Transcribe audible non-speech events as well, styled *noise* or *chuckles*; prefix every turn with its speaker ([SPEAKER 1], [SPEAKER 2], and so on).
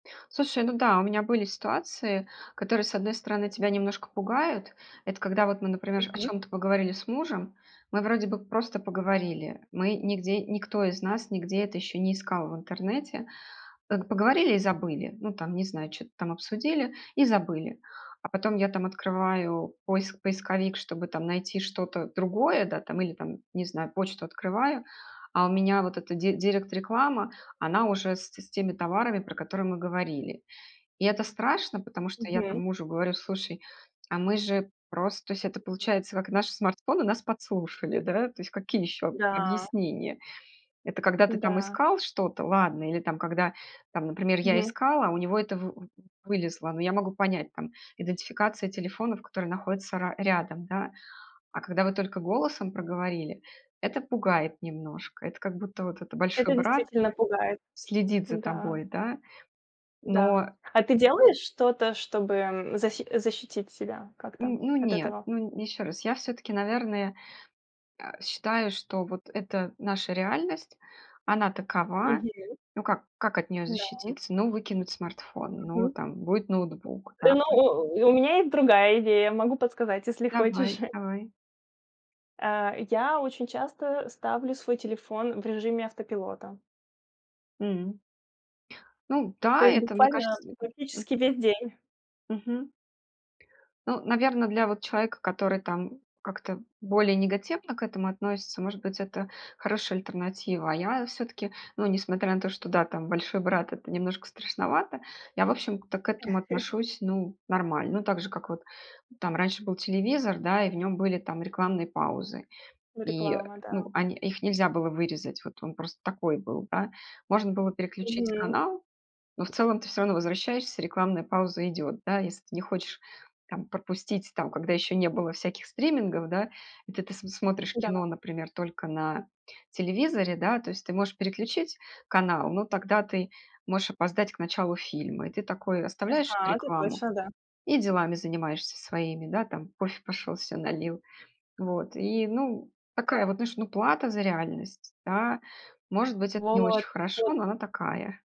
[SPEAKER 1] Слушай, ну да, у меня были ситуации, которые, с одной стороны, тебя немножко пугают. Это когда вот мы, например, о
[SPEAKER 2] Мгм.
[SPEAKER 1] чём-то поговорили с мужем, мы вроде бы просто поговорили, мы нигде никто из нас нигде это еще не искал в интернете. Пог поговорили и забыли. Ну там, не знаю, чё-то там обсудили и забыли. А потом я там открываю поис поисковик, чтобы там найти что-то другое, да, там или там, не знаю, почту открываю, а у меня вот эта ди директ-реклама, она уже с те с теми товарами, про которые мы говорили. И это страшно, потому что я
[SPEAKER 2] Мгм.
[SPEAKER 1] там мужу говорю: "Слушай, а мы же просто" То есть это получается как? Наши смартфоны нас подслушали, да, то есть какие ещё об
[SPEAKER 2] Да.
[SPEAKER 1] объяснения? Это когда ты там
[SPEAKER 2] М-да.
[SPEAKER 1] искал что-то- ладно. Или там, когда там, например, я
[SPEAKER 2] Мгм.
[SPEAKER 1] искала, а у него это вы вы вылезло, ну я могу понять там: идентификация телефонов, которые находятся ра рядом, да. А когда вы только голосом проговорили- это пугает немножко. Это как будто вот это: "Большой
[SPEAKER 2] Это
[SPEAKER 1] Брат
[SPEAKER 2] действительно пугает.
[SPEAKER 1] следит за
[SPEAKER 2] Н-да.
[SPEAKER 1] тобой",- да.
[SPEAKER 2] Да.
[SPEAKER 1] Но
[SPEAKER 2] А ты делаешь что-то, чтобы, м, защи защитить себя
[SPEAKER 1] Н
[SPEAKER 2] как-то
[SPEAKER 1] ну
[SPEAKER 2] от
[SPEAKER 1] нет,
[SPEAKER 2] этого?
[SPEAKER 1] ну н ещё раз: я всё-таки, наверное, э, считаю, что вот это наша реальность, она такова.
[SPEAKER 2] Мгм.
[SPEAKER 1] Ну, как как от неё
[SPEAKER 2] Да.
[SPEAKER 1] защититься? Ну, выкинуть смартфон, ну,
[SPEAKER 2] Мгм.
[SPEAKER 1] там будет ноутбук, да.
[SPEAKER 2] Э, но
[SPEAKER 1] М.
[SPEAKER 2] у у у меня есть другая идея, могу подсказать, если хочешь.
[SPEAKER 1] Давай,
[SPEAKER 2] *chuckles*
[SPEAKER 1] давай.
[SPEAKER 2] Э, я очень часто ставлю свой телефон в режиме автопилота.
[SPEAKER 1] М. Ну
[SPEAKER 2] То
[SPEAKER 1] да,
[SPEAKER 2] есть
[SPEAKER 1] это, мне
[SPEAKER 2] буквально
[SPEAKER 1] кажется М м.
[SPEAKER 2] практически весь день.
[SPEAKER 1] Мгм. Ну, наверно, для вот человека, который там как-то более негативно к этому относится, может быть, это хорошая альтернатива. А я всё-таки, ну, несмотря на то, что да, там "Большой Брат"- это немножко страшновато, я, в общем-то, к этому
[SPEAKER 2] *chuckles*
[SPEAKER 1] отношусь, ну, нормально. Ну, так же как вот там раньше был телевизор, да, и в нём были там рекламные паузы.
[SPEAKER 2] Ну,
[SPEAKER 1] И
[SPEAKER 2] реклама,
[SPEAKER 1] ну,
[SPEAKER 2] да.
[SPEAKER 1] они их нельзя было вырезать, вот он просто такой был, да. Можно было переключить
[SPEAKER 2] Мгм.
[SPEAKER 1] канал, но в целом ты всё равно возвращаешься, рекламная пауза идет, да. Если ты не хочешь там пропустить, там, когда еще не было всяких стримингов, да, и ты ты смотришь
[SPEAKER 2] Да.
[SPEAKER 1] кино, например, только на телевизоре, да, то есть ты можешь переключить канал, но тогда ты можешь опоздать к началу фильма. И ты такой: оставляешь
[SPEAKER 2] Ага, это
[SPEAKER 1] рекламу
[SPEAKER 2] точно, да.
[SPEAKER 1] и делами занимаешься своими, да, там кофе пошел се налил. Вот и, ну, такая
[SPEAKER 2] Да.
[SPEAKER 1] вот, знаешь, ну, плата за реальность, да. Может быть, это не очень
[SPEAKER 2] Вот.
[SPEAKER 1] хорошо,
[SPEAKER 2] Вот.
[SPEAKER 1] но она такая.